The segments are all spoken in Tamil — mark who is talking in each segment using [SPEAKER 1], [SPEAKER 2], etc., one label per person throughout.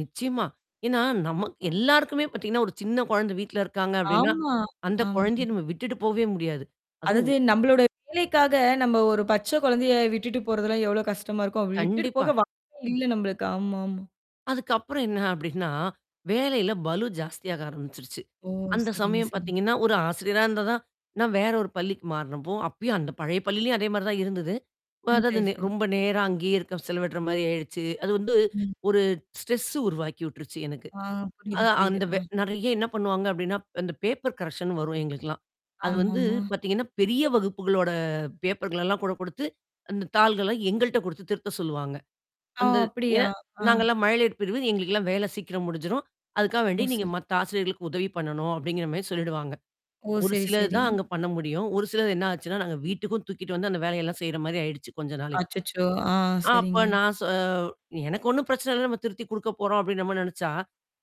[SPEAKER 1] நிச்சயமா. ஏன்னா நமக் எல்லாருக்குமே பாத்தீங்கன்னா, ஒரு சின்ன கொழந்த வீட்ல இருக்காங்க அப்டின்னா,
[SPEAKER 2] ஆமா,
[SPEAKER 1] அந்த
[SPEAKER 2] ஆமாமா.
[SPEAKER 1] கொழந்தைய நம்ம விட்டுட்டு போவே முடியாது.
[SPEAKER 2] அதாவது
[SPEAKER 1] அதுவும்
[SPEAKER 2] நம்பளோட வேலைக்காக, நம்ப ஒரு பச்ச கொழந்தைய விட்டுட்டு போறதெல்லாம் எவ்வளோ கஷ்டமா இருக்கும்? அப்டி விட்டுட்டு
[SPEAKER 1] கண்டிப்பா.
[SPEAKER 2] போக வாய்ப்பே இல்ல நம்பளுக்கு. ஆமாமா.
[SPEAKER 1] அதுக்கப்புறம் என்ன அப்டின்னா, வேலையில பலு ஜாஸ்தியாக ஆரம்பிச்சுருச்சு.
[SPEAKER 2] ஓ!
[SPEAKER 1] அந்த
[SPEAKER 2] சரிங்க
[SPEAKER 1] சமயம்
[SPEAKER 2] சரிங்க.
[SPEAKER 1] பாத்தீங்கன்னா, ஒரு ஆசிரியரா இருந்தா தான் நான் வேற ஒரு பள்ளிக்கு மாறனப்போ அப்பயும் அந்த பழைய பள்ளியிலயும் அதே மாரி தான் இருந்தது. வ
[SPEAKER 2] ம்.
[SPEAKER 1] அதாவது
[SPEAKER 2] சரி,
[SPEAKER 1] நே
[SPEAKER 2] சரி.
[SPEAKER 1] ரொம்ப நேரம் அங்கேயே இருக்க செலவிடுற மாரி ஆயிடுச்சு. அது வந்து
[SPEAKER 2] ம்.
[SPEAKER 1] ஒரு ஸ்ட்ரெஸ்ஸு உருவாக்கி விட்டுருச்சு எனக்கு.
[SPEAKER 2] ஆ புரியுது
[SPEAKER 1] அது
[SPEAKER 2] புரியுது.
[SPEAKER 1] அந்த வெ
[SPEAKER 2] ஆ.
[SPEAKER 1] நெறையா என்னா பண்ணுவாங்க அப்டின்னா, அந்த பேப்பர் கரக்ஷன்ன்னு வரும் எங்களுக்கெல்லாம். அது வந்து
[SPEAKER 2] ஆமாமா.
[SPEAKER 1] பாத்தீங்கன்னா, பெரிய வகுப்புகளோட பேப்பர்கள் எல்லாம் கூட குடுத்து, அந்த தாள்கள்லாம் எங்கள்ட்ட குடுத்து திருத்த சொல்லுவாங்க.
[SPEAKER 2] ஆ!
[SPEAKER 1] அந்த
[SPEAKER 2] அப்படியா!
[SPEAKER 1] ஏன்?
[SPEAKER 2] ஆ.
[SPEAKER 1] நாங்கல்லாம் மழலையர் பிரிவு, எங்களுக்கெல்லாம் வேல சீக்கிரம் முடிஞ்சுரும். அதுக்காக வேண்டி,
[SPEAKER 2] ஓ
[SPEAKER 1] "நீங்க
[SPEAKER 2] சரி.
[SPEAKER 1] மத்த ஆசிரியர்களுக்கு உதவி பண்ணணும்" அப்படிங்கிற மாரி சொல்லிடுவாங்க.
[SPEAKER 2] ஓ!
[SPEAKER 1] ஒரு
[SPEAKER 2] சரி,
[SPEAKER 1] சிலர்
[SPEAKER 2] சரி.
[SPEAKER 1] தான் அங்க பண்ண முடியும். ஒரு சிலர் என்னா ஆச்சுன்னா, நாங்க வீட்டுக்கும் தூக்கிட்டு வந்து, அந்த வேலையெல்லாம் செய்ற மாரி ஆயிடுச்சு, கொஞ்ச நாளைக்கு.
[SPEAKER 2] அச்சச்சோ! ஆ
[SPEAKER 1] அ அப்ப
[SPEAKER 2] சரிங்க.
[SPEAKER 1] நான் சொ "எனக்கு ஒண்ணும் பிரச்சனை இல்ல, நம்ம திருத்தி குடுக்க போறோம்." அப்டீன்னு நம்ம நெனச்சா!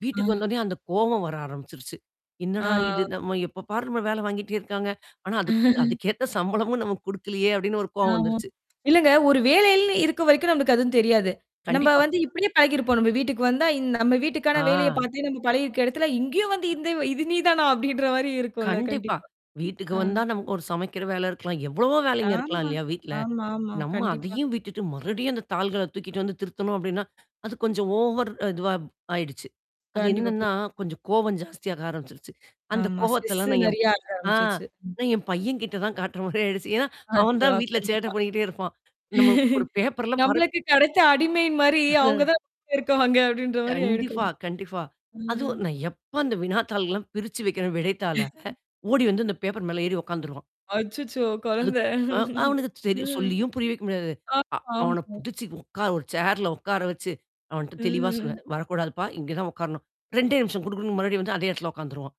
[SPEAKER 1] வீட்டுக்கு
[SPEAKER 2] அ.
[SPEAKER 1] வந்தோன்னயே, அந்த கோவம் வர ஆரம்பிச்சுருச்சு. "என்னடா இது
[SPEAKER 2] ஆ.
[SPEAKER 1] நம்ம எப்ப பாரு நம்மள வேல வாங்கிட்டே இருக்காங்க ஆனா, அதுக் அதுக்கேத்த சம்பளமும் நமக்கு குடுக்கலையே" அப்டின்னு ஒரு கோவம்
[SPEAKER 2] ஆமா.
[SPEAKER 1] வந்துருச்சு.
[SPEAKER 2] இல்லங்க! ஒரு வேலையிலன்னு இருக்க வரைக்கும், நமக்கு அதுவும் தெரியாது. நம்ப
[SPEAKER 1] கண்டிப்பா.
[SPEAKER 2] வந்து இப்டியே பழகிருப்போம். நம்ப வீட்டுக்கு வந்தா, இந் நம்ம வீட்டுக்கான வேலைய
[SPEAKER 1] ஆ.
[SPEAKER 2] பாத்தே நம்ம பழகியிருக்க எடத்துல, இங்கேயும் வந்து
[SPEAKER 1] அ.
[SPEAKER 2] இந்த "இது நீ தானா?" அப்படின்ற மாரி இருக்கும்ல!
[SPEAKER 1] கண்டிப்பா.
[SPEAKER 2] கண்டிப்பா.
[SPEAKER 1] வீட்டுக்கு
[SPEAKER 2] ஆ.
[SPEAKER 1] வந்தா, நம ஒரு சமைக்கிற வேல இருக்கலாம். எவ்ளவோ வேலைங்க இருக்கலாம்
[SPEAKER 2] ஆமா,
[SPEAKER 1] இல்லையா, வீட்ல?
[SPEAKER 2] ஆமா ஆமா.
[SPEAKER 1] நம்ம
[SPEAKER 2] கண்டிப்பா.
[SPEAKER 1] அதையும் விட்டுட்டு மறுபடியும் அந்த தாள்கள தூக்கிட்டு வந்து திருத்தணும் அப்டின்னா, அது கொஞ்சம் ஓவர் இதுவா ஆயிடுச்சு. அது
[SPEAKER 2] கண்டிப்பா. பு
[SPEAKER 1] என்னான்னா, கொஞ்சம் கோவம் ஜாஸ்தியாக ஆரம்பிச்சுருச்சு. அந்த
[SPEAKER 2] ஆமா. ஸ்ட்ரெஸ்ஸு
[SPEAKER 1] கோவத்தெல்லாம் நான் என்
[SPEAKER 2] நெறையா ஆக
[SPEAKER 1] ஆ.
[SPEAKER 2] ஆரம்பிச்சுருச்சு, ம்.
[SPEAKER 1] அத என் பையன் கிட்ட தான் காட்டுற மாரி ஆயிடுச்சு. ஏன்னா அவன்
[SPEAKER 2] அச்சோ!
[SPEAKER 1] தான் வீட்ல சேட்ட
[SPEAKER 2] கண்டிப்பா.
[SPEAKER 1] பண்ணிக்கிட்டே இருப்பான். நம்ம ஒரு பேப்பர்ல்லாம் பரப்
[SPEAKER 2] நம்பளுக்கு கெடைச்ச அடிமை மாரி, அவுங்க தான் இருக்குவாங்க. அப்டின்ற மாரி ஆயிருக்கும்.
[SPEAKER 1] கண்டிப்பா, கண்டிப்பா
[SPEAKER 2] கண்டிப்பா ம்.
[SPEAKER 1] அதுவும் நான் எப்ப அந்த வினாத்தாள்கள்லாம் பிரிச்சு வைக்கிறேன் விடைத்தாள. ஓடி வந்து அந்த பேப்பர் மேல ஏறி உக்காந்துருவான்.
[SPEAKER 2] அச்சச்சோ! கொழந்த.
[SPEAKER 1] அதுக் ஆ அவனுக்கு சரி,
[SPEAKER 2] ம்.
[SPEAKER 1] சொல்லியும் புரிய வைக்க முடியாது. அ
[SPEAKER 2] ஆமா
[SPEAKER 1] அவன
[SPEAKER 2] ஆமா.
[SPEAKER 1] புடிச்சு உக்கார ஒரு சேர்ல உக்கார வச்சு, அவன்ட்ட தெளிவா
[SPEAKER 2] ம்.
[SPEAKER 1] சொல்லுவேன், "வரக்கூடாதுப்பா, இங்க தான் உக்காரணும்" 2டே நிமிஷம் குடு குடுன்னு மறுபடியும் வந்து அதே இடத்தல உக்காந்துருவான்.